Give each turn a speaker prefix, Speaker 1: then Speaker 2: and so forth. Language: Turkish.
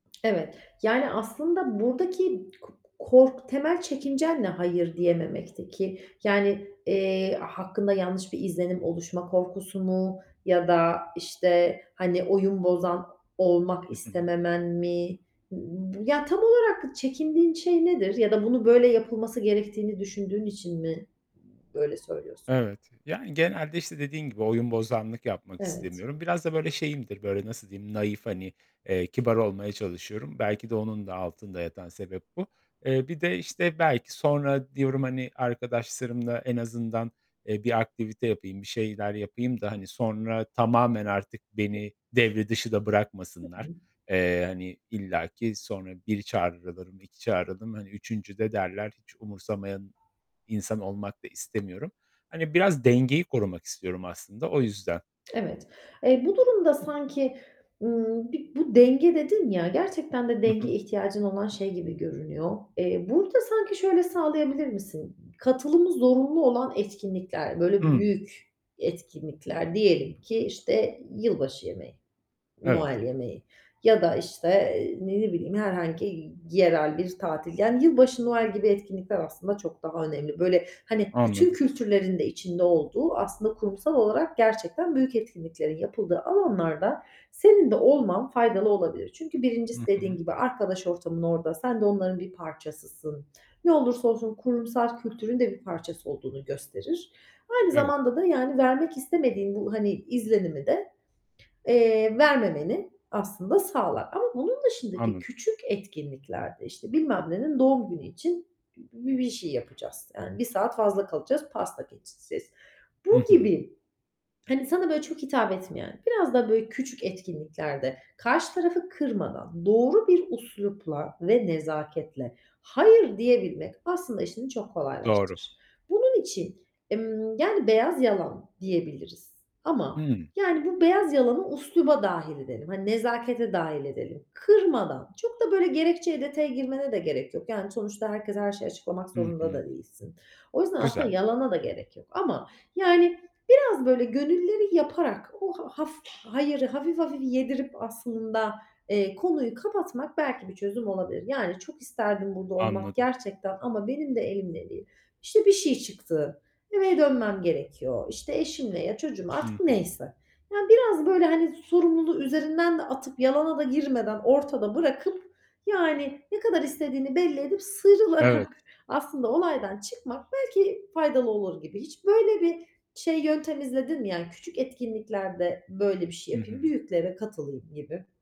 Speaker 1: Evet. Yani, aslında buradaki k kork temel çekincen ne hayır diyememekteki? Yani, eee, hakkında yanlış bir izlenim oluşma korkusu mu ya da, işte, hani, oyun bozan olmak
Speaker 2: Hı hı.
Speaker 1: istememen mi? B ya, tam olarak çekindiğin şey nedir ya da bunu böyle yapılması gerektiğini düşündüğün için mi böyle söylüyorsun?
Speaker 2: Evet. Yani genelde, işte, dediğin gibi oyunbozanlık yapmak
Speaker 1: Evet.
Speaker 2: istemiyorum. Biraz da, böyle, şeyimdir; böyle, nasıl diyeyim? Nahif, hani, eee, kibar olmaya çalışıyorum. Belki de onun da altında yatan sebep bu. Eee, bir de, işte, belki sonra diyorum, hani, arkadaşlarımla en azından, eee, bir aktivite yapayım, bir şeyler yapayım da, hani, sonra tamamen artık beni
Speaker 1: [unintelligible]
Speaker 2: devre dışı da
Speaker 1: Hı
Speaker 2: bırakmasınlar.
Speaker 1: hı.
Speaker 2: Eee, hani, illaki sonra 1 çağrılırım, 2 çağrılırım, hani, 3'üncüde derler, hiç umursamayan insan olmak da istemiyorum. Hani, biraz dengeyi korumak istiyorum aslında. O yüzden.
Speaker 1: Evet. Eee, bu durumda sanki, ımm, bir bu denge dedin ya, gerçekten de
Speaker 2: Hı
Speaker 1: denge
Speaker 2: hı.
Speaker 1: ihtiyacın olan şey gibi görünüyor. Eee, burada sanki şöyle sağlayabilir misin? Katılımı zorunlu olan etkinlikler, böyle,
Speaker 2: Hıı.
Speaker 1: büyük etkinlikler, diyelim ki, işte, yılbaşı yemeği,
Speaker 2: Evet.
Speaker 1: Noel yemeği. Ya da, işte, eee, ne bileyim, herhangi yerel bir tatil. Yani yılbaşı, Noel gibi etkinlikler aslında çok daha önemli. Böyle, hani, bütün
Speaker 2: Anladım.
Speaker 1: kültürlerin de içinde olduğu, aslında kurumsal olarak gerçekten büyük etkinliklerin yapıldığı alanlarda senin de olman faydalı olabilir. Çünkü
Speaker 2: Hı
Speaker 1: 1'incisi dediğin
Speaker 2: hı.
Speaker 1: gibi arkadaş ortamın orada. Sen de onların bir parçasısın. Ne olursa olsun kurumsal kültürün de bir parçası olduğunu gösterir. Aynı
Speaker 2: Evet.
Speaker 1: zamanda da, yani, vermek istemediğin bu, hani, izlenimi de, eee, vermemeni aslında sağlar. Ama bunun dışındaki
Speaker 2: Anladım.
Speaker 1: küçük etkinlikler de, işte, bilmem nenin doğum günü için bü bir bir şey yapacağız. Yani 1 saat fazla kalacağız, pasta keseceğiz. Bu
Speaker 2: Hı hı.
Speaker 1: gibi, hani, sana, böyle, çok hitap etmeyen, biraz da, böyle, küçük etkinliklerde karşı tarafı kırmadan, doğru bir üslupla ve nezaketle hayır diyebilmek aslında işini çok
Speaker 2: Doğru.
Speaker 1: kolaylaştırır. Bunun için, ımm, yani beyaz yalan diyebiliriz ama,
Speaker 2: Hıı.
Speaker 1: yani, bu beyaz yalanı üsluba dâhil edelim, hani, nezakete dâhil edelim. Kırmadan, çok da, böyle, gerekçeye, detaya girmene de gerek yok. Yani, sonuçta herkese her şeyi açıklamak
Speaker 2: Hı
Speaker 1: zorunda da
Speaker 2: hı.
Speaker 1: değilsin. O yüzden aslında
Speaker 2: Güzel.
Speaker 1: yalana da gerek yok. Ama yani biraz böyle gönülleri yaparak o h haf hayırı hafif hafif yedirip aslında, eee, konuyu kapatmak belki bir çözüm olabilir. Yani, "Çok isterdim burada olmak
Speaker 2: Anladım.
Speaker 1: gerçekten ama benim de elimde değil. İşte, bir şey çıktı. Eve dönmem gerekiyor. İşte, eşimle, ya çocuğumla..."
Speaker 2: Hı
Speaker 1: artık
Speaker 2: hı.
Speaker 1: neyse. Ya, biraz, böyle, hani, sorumluluğu üzerinden de atıp yalana da girmeden ortada bırakıp yani ne kadar istediğini belli edip sıyrılarak
Speaker 2: Evet.
Speaker 1: aslında olaydan çıkmak belki faydalı olur gibi. Hiç böyle bir şey, yöntem izledin mi? Yani küçük etkinliklerde böyle bir şey
Speaker 2: Hı
Speaker 1: yapayım,
Speaker 2: hı.
Speaker 1: büyüklere katılayım gibi.